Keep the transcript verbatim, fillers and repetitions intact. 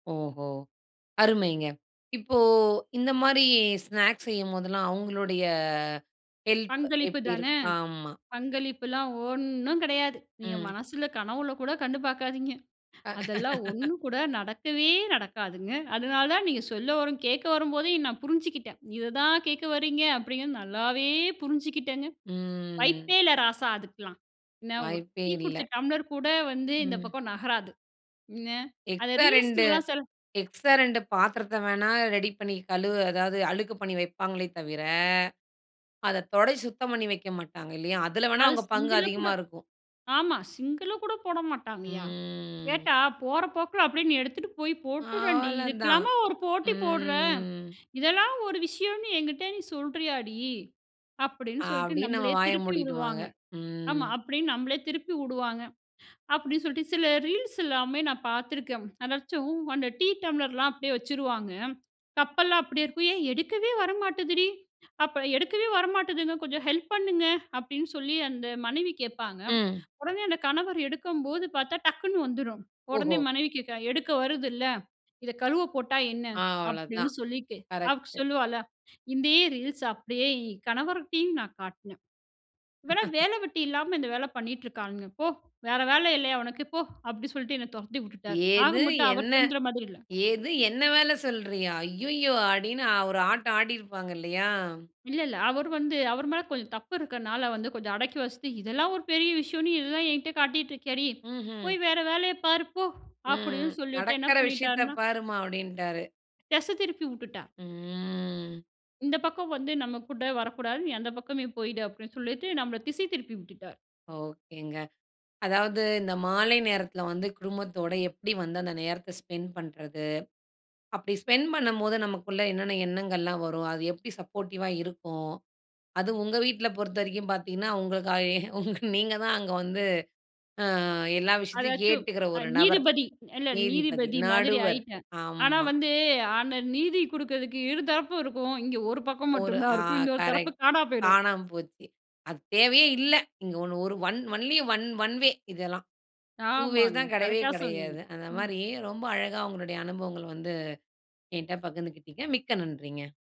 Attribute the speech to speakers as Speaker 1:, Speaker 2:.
Speaker 1: ஓஹோ! அருமைங்க. இப்போ இந்த மாரி ஸ்நாக்ஸ் செய்யும்போதெல்லாம், அவுங்களுடைய ஹெல்ப்
Speaker 2: பங்களிப்பு
Speaker 1: எப்படி
Speaker 2: தான,
Speaker 1: இருக்? ஆமா.
Speaker 2: பங்களிப்புல்லாம் ஒண்ணும் கெடையாது. நீங்க
Speaker 1: ம்.
Speaker 2: மனசுல கனவுல கூட கண்டு பார்க்காதீங்க. அதெல்லாம் ஒண்ணும் கூட நடக்கவே நடக்காதுங்க. அதனால தான் நீங்க சொல்ல வரும் கேக்க வரும்போதே நான் புரிஞ்சிக்கிட்டேன். இத தான் கேக்க வர்றீங்க அப்படிங்கிறத, நல்லாவே புரிஞ்சுக்கிட்டங்க.
Speaker 1: ம்.
Speaker 2: வாய்ப்பே இல்ல ராசா அதுக்கெல்லாம். என்ன ஒரு
Speaker 1: வாய்ப்பே
Speaker 2: டீ
Speaker 1: இல்ல.
Speaker 2: குடிச்ச டம்ளர் கூட வந்து இந்த
Speaker 1: ம்.
Speaker 2: பக்கம் நகராது. என்ன, அத
Speaker 1: எக்ஸ்ட்ரா ரெண்டு
Speaker 2: ரீல்ஸ்ல்லாம் செல்
Speaker 1: எக்ஸ்ட்ரா ரெண்டு பாத்திரத்த வேண்ணா, ரெடி பண்ணி கழுவ அதாவது அழுக்கு பண்ணி வைப்பாங்களே தவிர, அத தொடஸ் சுத்தம் பண்ணி வைக்க மாட்டாங்க இல்லயா? அதுல வேண்ணா
Speaker 2: அது
Speaker 1: அவுங்க பங்கு
Speaker 2: சிங்குல கூட
Speaker 1: அதிகமா இருக்கும்.
Speaker 2: ஆமா. சிங்குல கூட போட மாட்டாங்கய்யா.
Speaker 1: ம்.
Speaker 2: கேட்டா, "போற போக்குல அப்படியே நீ எடுத்துட்டு போய் போட்டுடேன்டி,
Speaker 1: அவ்ளதான்.
Speaker 2: இதுக்கெல்லாமா ஒரு போட்டி போட்ற.
Speaker 1: ம்.
Speaker 2: இதெல்லாம் ஒரு விஷயம்னு என்கிட்ட நீ சொல்றியாடி?" அப்படின்னு சொல்லிட்டு
Speaker 1: அப்படின்னு நம்ம
Speaker 2: நம்மளயே
Speaker 1: வாய
Speaker 2: திருப்பி
Speaker 1: மூடிடுவாங்க.
Speaker 2: விடுவாங்க. ஆமா.
Speaker 1: ம்.
Speaker 2: அப்படின்னு நம்மளயே திருப்பி வுடுவாங்க. அப்படின்னு சொல்லிட்டு, சில ரீல்ஸ் எல்லாமே நான் பார்த்துருக்கேன். அதாச்சும் அந்த டீ டம்ளர்லாம் அப்படியே வச்சுருவாங்க. கப்பெல்லாம் அப்படியே இருக்கும். "ஏன் எடுக்கவே வரமாட்டுதுடி. அப்ப எடுக்கவே வர மாட்டுதுங்க, கொஞ்சம் ஹெல்ப் பண்ணுங்க." அப்படின்னு சொல்லி அந்த மனைவி கேப்பாங்க.
Speaker 1: ம்.
Speaker 2: உடனே அந்த கணவர் எடுக்கும்போது பார்த்தா, டக்குனு வந்துரும். உடனே
Speaker 1: ஓஹோ!
Speaker 2: மனைவி கேக்கறா, "எடுக்க வருதுல்ல, இத கழுவ போட்டா என்ன?" அப்படின்னு
Speaker 1: :அவ்ளோதான்.
Speaker 2: சொல்லிட்டு, அவ்
Speaker 1: கரெக்ட்.
Speaker 2: சொல்லுவாளா? இந்தே ரீல்ஸ அப்படியே இ கணவர்கிட்டயும் நான் காட்னேன். "இவள்லாம் வேல வெட்டி இல்லாம இந்த வேல பண்ணிட்டு இருக்கானுங்க போ. வேற வேல இல்லயா, உனக்கு? போ!" அப்படி சொல்ட்டு என்ன தொரத்தி உட்டுட்டாரு. ஆக
Speaker 1: "ஏது
Speaker 2: மட்டும் அவர்
Speaker 1: என்னை
Speaker 2: திருந்துற மாரி இல்ல.
Speaker 1: ஏது என்னை வேல சொல்றியா? அய்யயோ!" அப்படின்னு ஒரு ஆட்டம் ஆடியிருப்பாங்க இல்லயா?
Speaker 2: இல்ல, இல்ல. அவரு வந்து அவரு மேல் கொஞ்சம் தப்பு இருக்கறதுனால வந்து கொஞ்சம் அடக்கி வாசித்து, "இதெல்லாம் ஒரு பெரிய விஷயம்ன்னு இதெல்லாம் என்கிட்ட காட்டிட்டு இருக்கியாடி.
Speaker 1: ம்ஹ்ம்.
Speaker 2: போய் வேற வேலைய பாரு, போ!"
Speaker 1: ம்.
Speaker 2: அப்படின்னு சொல்லிட்டு என்ன
Speaker 1: "நடக்கற விஷயத்த
Speaker 2: பண்ணிட்டாருனா
Speaker 1: பாரும்மா!" அப்படின்ட்டாரு.
Speaker 2: தெச திருப்பி உட்டுட்டா.
Speaker 1: ம்.
Speaker 2: இந்த பக்கம் வந்து நம்ம கூட வரக்கூடாது, நீ அந்த பக்கமே போயிடு அப்படின்னு சொல்லிட்டு, நம்மள திசை திருப்பி விட்டுட்டார்.
Speaker 1: ஓகேங்க. அதாவது இந்த மாலை நேரத்துல வந்து குடும்பத்தோட எப்டி வந்து அந்த நேரத்த ஸ்பெண்ட் பண்றது? அப்டி ஸ்பென்ட் பண்ணம்போது நமக்குள்ள என்னென்ன எண்ணங்கள்லாம் வரும்? அது எப்டி சப்போர்ட்டிவா இருக்கும்? அது உங்க வீட்ல பொறுத்தவரைக்கும் பார்த்தீங்கன்னா, உங்களுக்கு ஐ உங்க நீங்க தான் அங்க வந்து அ எல்லா விஷயத்தையும்
Speaker 2: அதாச்சும்
Speaker 1: கேட்டுக்குற ஒரு நபர்.
Speaker 2: நீதிபதி. இல்ல
Speaker 1: நீதிபதி.
Speaker 2: நீதிபதி மாதிரி
Speaker 1: நடுவர்.
Speaker 2: ஆயிட்டேன். ஆனா
Speaker 1: ஆம்மா.
Speaker 2: வந்து அந்த நீதி குடுக்கறதுக்கு இரு தரப்பும் இருக்கும். இங்க ஒரு பக்கம்
Speaker 1: ஒரு
Speaker 2: மட்டும் தான்
Speaker 1: ஆ.
Speaker 2: இருக்கும். இன்னொரு தரப்பு
Speaker 1: கரெக்ட்.
Speaker 2: காணாம போயிடும்.
Speaker 1: காணாம போச்சு. அது தேவையே இல்ல. இங்க ஒன் ஒரு one only one one way இதெல்லாம். டூ வேஸ்
Speaker 2: ஆமாங்க.
Speaker 1: தான் கெடையவே
Speaker 2: கரெக்ட்டா சொன்னீங்க.
Speaker 1: கெடையாது. அந்த
Speaker 2: ம்.
Speaker 1: மாரி ரொம்ப அழகா உங்களுடைய அனுபவங்கள வந்து என்ட்ட பகிர்ந்துகிட்டிங்க. மிக்க நன்றிங்க!